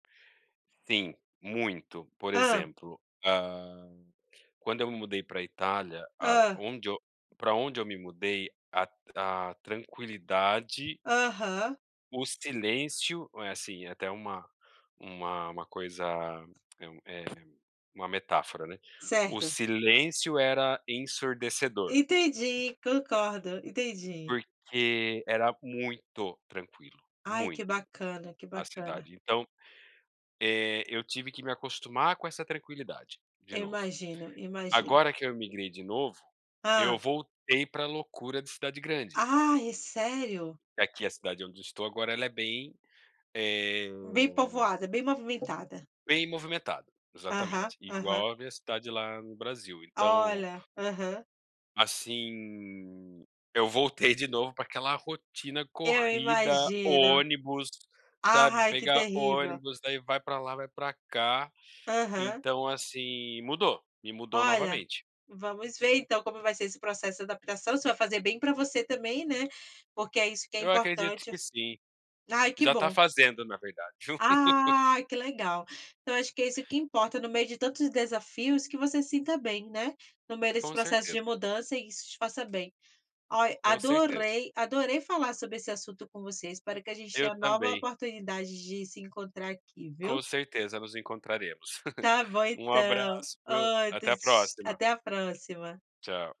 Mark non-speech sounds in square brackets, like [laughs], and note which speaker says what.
Speaker 1: Sim, muito. Por
Speaker 2: Hã?
Speaker 1: exemplo, hã, quando eu me mudei para Itália,
Speaker 2: Hã.
Speaker 1: aonde pra onde eu me mudei, a tran a tranquilidade
Speaker 2: Aham.
Speaker 1: o silêncio, eh, assim até uma uma uma coisa, [clicks tongue] é é uma metáfora, né, o
Speaker 2: Certo.
Speaker 1: silêncio era ensurdecedor.
Speaker 2: Entendi, concordo, entendi.
Speaker 1: Porque era muito tranquilo,
Speaker 2: Ai que
Speaker 1: muito,
Speaker 2: bacana, que
Speaker 1: a
Speaker 2: bacana.
Speaker 1: cidade então, eh, eu tive que me acostumar com essa tranquilidade de
Speaker 2: Eu
Speaker 1: novo.
Speaker 2: imagino, imagino.
Speaker 1: Agora que eu imigrei de novo, eu
Speaker 2: Hã.
Speaker 1: voltei para loucura de cidade grande.
Speaker 2: Ai, sério?
Speaker 1: Aqui a cidade onde eu estou agora ela é bem, eh
Speaker 2: Bem povoada, bem movimentada.
Speaker 1: bem movimentada,
Speaker 2: Aham,
Speaker 1: exatamente,
Speaker 2: aham.
Speaker 1: igual a minha cidade lá no Brasil. Então
Speaker 2: Olha, aham.
Speaker 1: Assim, eu voltei de novo para aquela rotina
Speaker 2: Eu
Speaker 1: corrida,
Speaker 2: imagino.
Speaker 1: ônibus, sabe,
Speaker 2: Ai que
Speaker 1: pegar
Speaker 2: terrível.
Speaker 1: ônibus, daí vai para lá, vai para cá.
Speaker 2: Aham.
Speaker 1: Então, assim, mudou, me mudou
Speaker 2: Olha,
Speaker 1: novamente.
Speaker 2: vamos ver então como vai ser esse processo de adaptação, você vai fazer bem para você também, né, porque é isso que é
Speaker 1: Eu acredito
Speaker 2: importante.
Speaker 1: que sim,
Speaker 2: Ai que
Speaker 1: já tá
Speaker 2: bom.
Speaker 1: fazendo na verdade. [laughs]
Speaker 2: Ai que legal. Então acho que é isso que importa, no meio de tantos desafios que você se sinta bem, né, no meio desse
Speaker 1: Com
Speaker 2: processo
Speaker 1: certeza.
Speaker 2: de mudança e isso te faça bem. Olha,
Speaker 1: Com certeza.
Speaker 2: adorei, adorei falar sobre esse assunto com você, espero a gente
Speaker 1: Eu
Speaker 2: tenha nova
Speaker 1: também.
Speaker 2: oportunidade de se encontrar aqui,
Speaker 1: Com
Speaker 2: viu?
Speaker 1: certeza nos encontraremos.
Speaker 2: Tá
Speaker 1: [laughs]
Speaker 2: bom,
Speaker 1: Um
Speaker 2: então.
Speaker 1: abraço viu,
Speaker 2: Outro,
Speaker 1: até a próxima.
Speaker 2: até a próxima.
Speaker 1: Tchau.